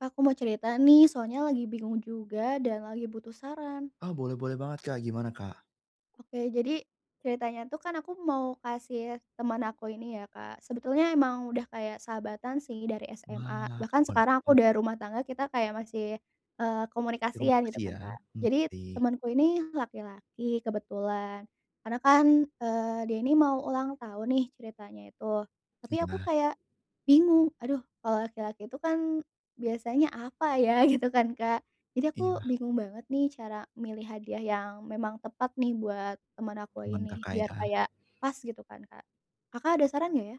Kak, aku mau cerita nih soalnya lagi bingung juga dan lagi butuh saran. Oh boleh boleh banget Kak, gimana Kak? Oke jadi, ceritanya tuh kan aku mau kasih temen aku ini ya Kak, sebetulnya emang udah kayak sahabatan sih dari SMA, Wah. bahkan sekarang aku [unintelligible] udah rumah tangga kita kayak masih, eee, komunikasian gitu Komunikasi kan ya, Kak, mmm, jadi baik. temanku ini laki-laki kebetulan, karena kan, eee, dia ini mau ulang tahun nih ceritanya itu, tapi aku Iya. kayak, bingung, aduh kalau laki-laki itu kan biasanya apa ya gitu kan Kak, jadi aku Iya. bingung banget nih cara milih hadiah yang memang tepat nih buat temen aku Teman ini Kakak, biar ya. kayak, pas gitu kan Kak, Kakak ada saran nggak ya?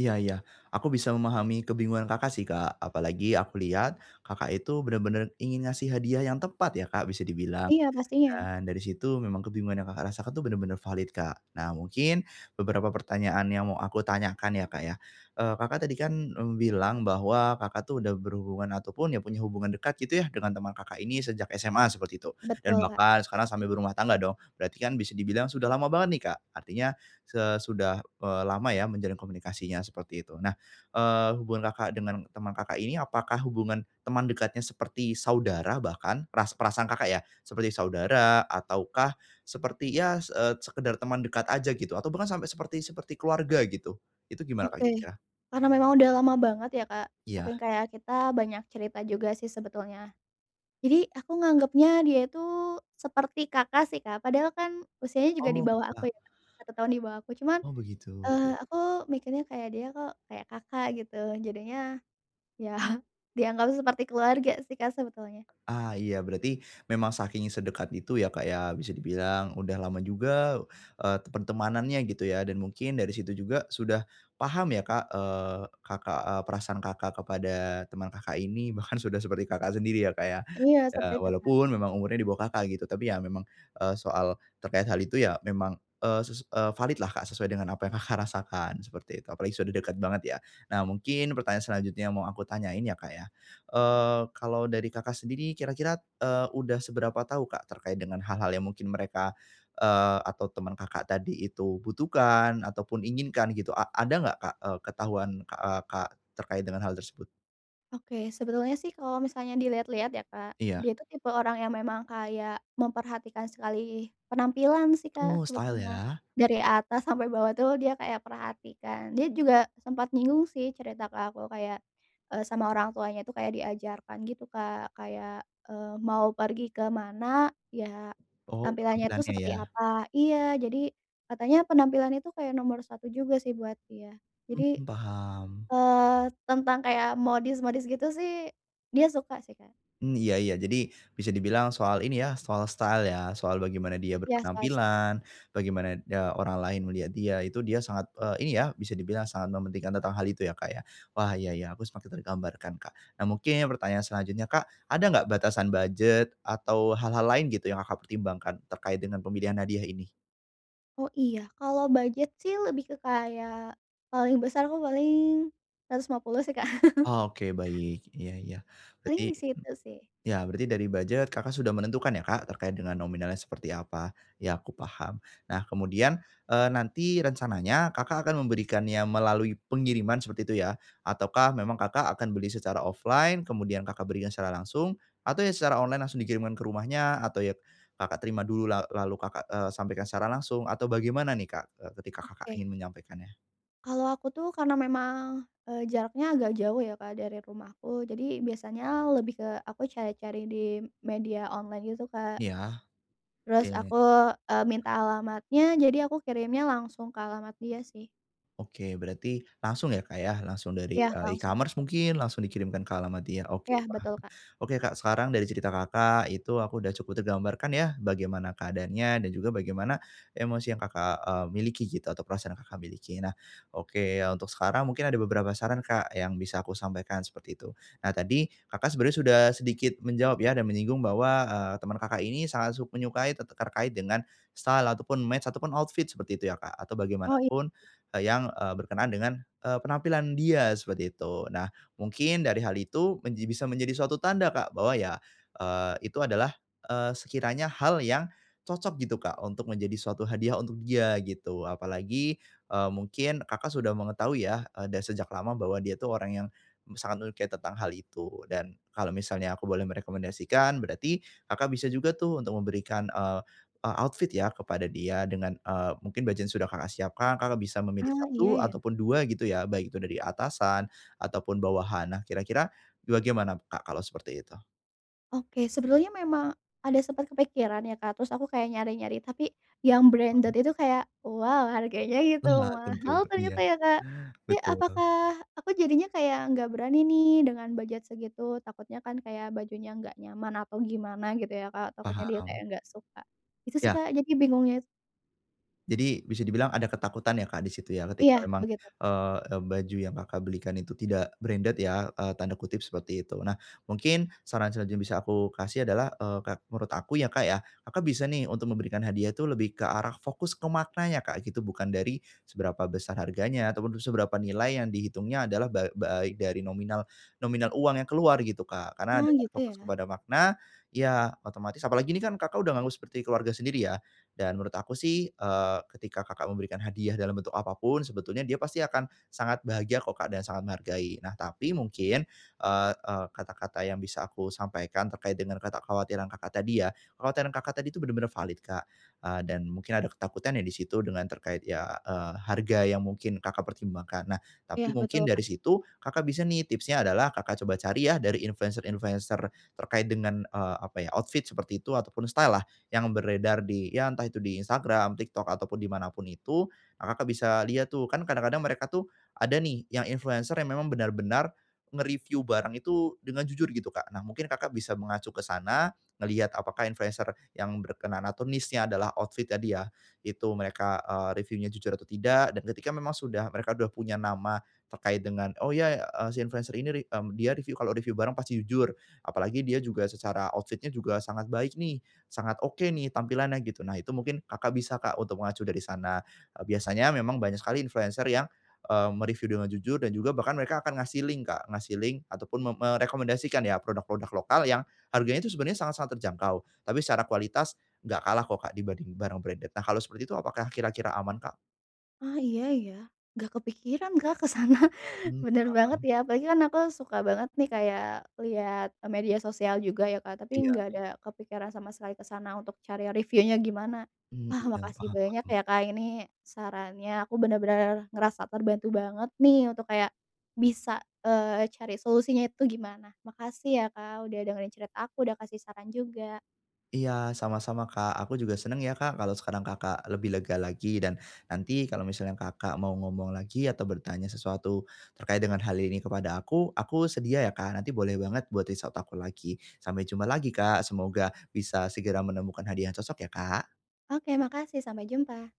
Iya iya aku bisa memahami kebingungan Kakak sih Kak, apalagi aku lihat, Kakak, itu benar-benar ingin ngasih hadiah yang tepat ya Kak, bisa dibilang, Iya pastinya. dan dari situ memang kebingungan yang Kakak, rasakan itu benar-benar valid Kak, nah mungkin, beberapa pertanyaan yang mau aku tanyakan ya Kak, ya, eee, Kakak tadi kan, mmm, bilang bahwa Kakak, tuh udah berhubungan ataupun ya punya hubungan dekat gitu ya dengan teman Kakak ini sejak SMA seperti itu dan Betul, Kak. bahkan sekarang sambil berumah tangga dong berarti kan bisa dibilang sudah lama banget nih Kak, artinya, eee, sudah, eee, lama ya menjalin komunikasinya seperti itu nah, eee, hubungan Kakak, dengan teman Kakak ini apakah hubungan, teman dekatnya seperti saudara bahkan peras perasaan Kakak, ya seperti saudara ataukah, seperti ya, se eee, sekedar teman dekat aja gitu atau bahkan sampai seperti seperti keluarga gitu, itu gimana Kak, Oke, kayak gitu ya? karena memang udah lama banget ya Kak, Iya. saking kayak kita banyak cerita juga sih sebetulnya, jadi aku nganggepnya dia itu seperti Kakak sih Kak, padahal kan usianya juga di Oh bawah enggak. aku ya, 1 tahun di bawah aku cuman, Oh begitu. eee, aku mikirnya kayak dia kok kayak Kakak, gitu jadinya, ya dianggap seperti keluarga sih Kak, sebetulnya. Ah, iya berarti memang saking sedekat itu ya Kak, ya bisa dibilang udah lama juga, eee, pertemanannya gitu ya dan mungkin dari situ juga sudah, paham ya Kak, eee, Kakak, eee, perasaan Kakak kepada teman Kakak ini bahkan sudah seperti Kakak sendiri ya Kak, ya. Iya seperti Ya itu, Kak. walaupun memang umurnya di bawah Kakak, gitu tapi ya memang, eee, soal terkait hal itu ya memang, eee, ses eee, valid lah Kak, sesuai dengan apa yang Kakak, rasakan seperti itu apalagi sudah dekat banget ya, nah mungkin pertanyaan selanjutnya mau aku tanyain ya Kak, ya, eee, kalau dari Kakak, sendiri kira-kira, eee, udah seberapa tahu Kak, terkait dengan hal-hal yang mungkin mereka, eee, atau temen Kakak, tadi itu butuhkan ataupun inginkan gitu a ada enggak Kak, eee, ketahuan Kak, eee, Kak, terkait dengan hal tersebut? Oke. Sebetulnya sih kalau misalnya dilihat-lihat ya Kak, Iya. dia itu tipe orang yang memang kayak memperhatikan sekali penampilan sih Oh Kak style sebetulnya. ya. Dari atas sampai bawah tuh dia kayak perhatikan. Dia juga sempet nyinggung sih, cerita ke aku kayak, eee, sama orang tuanya itu kayak diajarkan gitu Kak. Kayak, eee, mau pergi ke mana, ya Oh, tampilannya itu penampilannya seperti ya. apa iya. Jadi katanya penampilan itu kayak nomor 1 juga sih buat dia. Hmm, Jadi, paham. eee, tentang kayak modis-modis gitu sih dia suka sih Kak. Hmm, iya iya. Jadi bisa dibilang soal ini ya, soal style ya. Soal bagaimana dia Iya soal style. berpenampilan, bagaimana ne orang lain melihat dia itu, dia sangat, eee, ini ya bisa dibilang sangat mementingkan tentang hal itu ya, Kak, ya. Wah iya iya, aku semakin tergambarkan Kak. Nah mungkin pertanyaan selanjutnya Kak, ada enggak batasan budget atau hal-hal lain gitu yang Kakak pertimbangkan terkait dengan pemilihan hadiah ini? Oh. Iya, kalau budget sih lebih ke kayak paling besar tuh paling Rp150.000 sih, Kak. Oke, baik, iya iya. Paling Berarti di situ sih. ya berarti dari budget Kakak sudah menentukan ya Kak terkait dengan nominalnya seperti apa. Ya, aku paham. Nah kemudian, eee, nanti rencananya Kakak akan memberikannya melalui pengiriman seperti itu ya, ataukah memang Kakak akan beli secara offline kemudian Kakak berikan secara langsung, atau ya secara online langsung dikirimkan ke rumahnya, atau ya Kakak terima dulu la lalu Kakak, eee, sampaikan secara langsung, atau bagaimana nih Kak, eee, ketika Kakak Oke. ingin menyampaikannya? Kalau aku tuh, karena memang, eee, jaraknya agak jauh ya, Kak dari rumahku. Jadi, biasanya lebih ke aku cari-cari di media online gitu, Kak. Iya. Terus aku, Oke. eee, minta alamatnya. Jadi, aku kirimnya langsung ke alamat dia sih. Oke berarti langsung ya, Kak ya, langsung dari Iya, eee, langsung. e-commerce mungkin, langsung dikirimkan ke alamat dia. Oke, Iya paham. betul, Kak. Oke, Kak sekarang dari cerita Kakak itu aku udah cukup tergambarkan ya, bagaimana keadaannya dan juga bagaimana emosi yang Kakak, eee, miliki gitu atau perasaan Kakak miliki. Nah, oke untuk sekarang mungkin ada beberapa saran, Kak yang bisa aku sampaikan seperti itu. Nah, tadi Kakak sebenarnya sudah sedikit menjawab ya dan menyinggung bahwa, eee, temen Kakak ini sangat suk menyukai tete terkait dengan style ataupun match ataupun outfit seperti itu ya, Kak, atau Oh, i bagaimanapun yang, eee, berkenaan dengan, eee, penampilan dia seperti itu. Nah, mungkin dari hal itu menji bisa menjadi suatu tanda Kak bahwa ya, eee, itu adalah, eee, sekiranya hal yang cocok gitu, Kak untuk menjadi suatu hadiah untuk dia, gitu. Apalagi, eee, mungkin Kakak sudah mengetahui ya, eee, dan sejak lama bahwa dia itu orang yang sangat menyukai tentang hal itu, dan kalau misalnya aku boleh merekomendasikan, berarti Kakak bisa juga tuh untuk memberikan, eee eee, outfit ya kepada dia dengan, eee, mungkin budget yang sudah Kakak siapkan, Kakak bisa memilih Ah, iya 1 ya. ataupun 2 gitu ya. Baik itu dari atasan ataupun bawahan. Nah kira-kira bagaimana, Kak kalau seperti itu? Oke sebetulnya memang ada sempet kepikiran ya Kak, terus aku kayak nyari-nyari tapi yang branded Mhm. itu kayak wow harganya gitu Benar tentu mahal iya ternyata ya Kak, tapi betul. apakah aku jadinya kayak nggak berani nih dengan budget segitu takutnya kan kayak bajunya enggak nyaman atau gimana gitu ya Kak, takutnya dia kayak Paham. nggak suka, gitu sih Ya. Kak, jadi bingungnya itu Jadi bisa dibilang ada ketakutan ya Kak, di situ ya Iya ketika memang, begitu. eee, baju yang Kakak, belikan itu tidak "branded" ya, eee, tanda kutip seperti itu nah mungkin saran selanjutnya yang bisa aku kasih adalah, eee, ka menurut aku ya Kak, ya Kakak, bisa nih untuk memberikan hadiah itu lebih ke arah fokus ke maknanya Kak, gitu bukan dari, seberapa besar harganya ataupun seberapa nilai yang dihitungnya adalah ba ba baik dari nominal nominal uang yang keluar gitu Kak, karena ada Oh gitu fokus ya. kepada makna, ya otomatis apalagi ini kan Kakak, udah nganggep seperti keluarga sendiri ya, dan menurut aku sih, eee, ketika Kakak, memberikan hadiah dalam bentuk apa pun sebetulnya dia pasti akan sangat bahagia kok Kak, dan sangat menghargai tapi mungkin, eee eee, kata-kata yang bisa aku sampaikan terkait dengan kekhawatiran Kakak, tadi ya kekhawatiran Kakak, tadi itu bener-bener valid Kak, eee, dan mungkin ada ketakutan ya di situ dengan terkait ya, eee, harga yang mungkin Kakak, pertimbangkan. Nah Iya tapi betul, mungkin Kak. dari situ Kakak bisa nih tipsnya adalah Kakak, coba cari ya dari influencer-influencer terkait dengan, eee, apa ya outfit seperti itu ataupun style-lah yang beredar di ya entah itu di Instagram, TikTok ataupun di mana pun itu, Kakak, bisa lihat tuh kan kadang-kadang mereka tuh, ada nih yang influencer yang memang benar-benar, nge-review barang itu dengan jujur gitu Kak, nah mungkin Kakak, bisa mengacu ke sana, ngelihat apakah influencer yang berkenaan atau niche-nya adalah outfit ya dia itu mereka, eee, review-nya jujur atau tidak dan ketika memang sudah mereka udah punya nama terkait dengan oh iya ya, eee, si influencer ini, mmm, dia review kalo review barang pasti jujur apalagi dia juga secara outfit-nya juga sangat baik nih, sangat oke nih tampilannya gitu, nah itu mungkin Kakak, bisa Kak, untuk mengacu dari sana, eee, biasanya memang banyak sekali influencer yang, eee, me-review dengan jujur dan juga bahkan mereka akan ngasih link Kak, ngasih link atau pun me merekomendasikan ya produk-produk lokal yang harganya itu sebenernya sangat-sangat terjangkau tapi secara kualitas enggak kalah kok Kak, dibanding barang branded nah kalau seperti itu apakah kira-kira aman, Kak? Oh iya ya, gak kepikiran Kak, ke sana Mmm, bener banget paham. ya apalagi kan aku suka banget nih kayak liat media sosial juga ya Kak, tapi Iya. nggak ada kepikiran sama sekali ke sana untuk cari review-nya gimana, Mmm, wah iya makasih paham banyak paham. ya Kak, ini sarannya aku bener-bener ngerasa terbantu banget nih untuk kayak, bisa, eee, cari solusinya itu gimana makasih ya Kak, udah dengerin cerita aku udah kasih saran juga. Iya sama-sama Kak, aku juga senang ya Kak, kalau sekarang Kakak, lebih lega lagi dan, nanti kalau misalnya Kakak, mau ngomong lagi atau bertanya sesuatu terkait dengan hal ini kepada aku, aku sedia ya Kak, nanti boleh banget buat reach out aku lagi, sampai jumpa lagi Kak, semoga bisa segera menemukan hadiah yang cocok ya, Kak. Oke makasih sampai jumpa.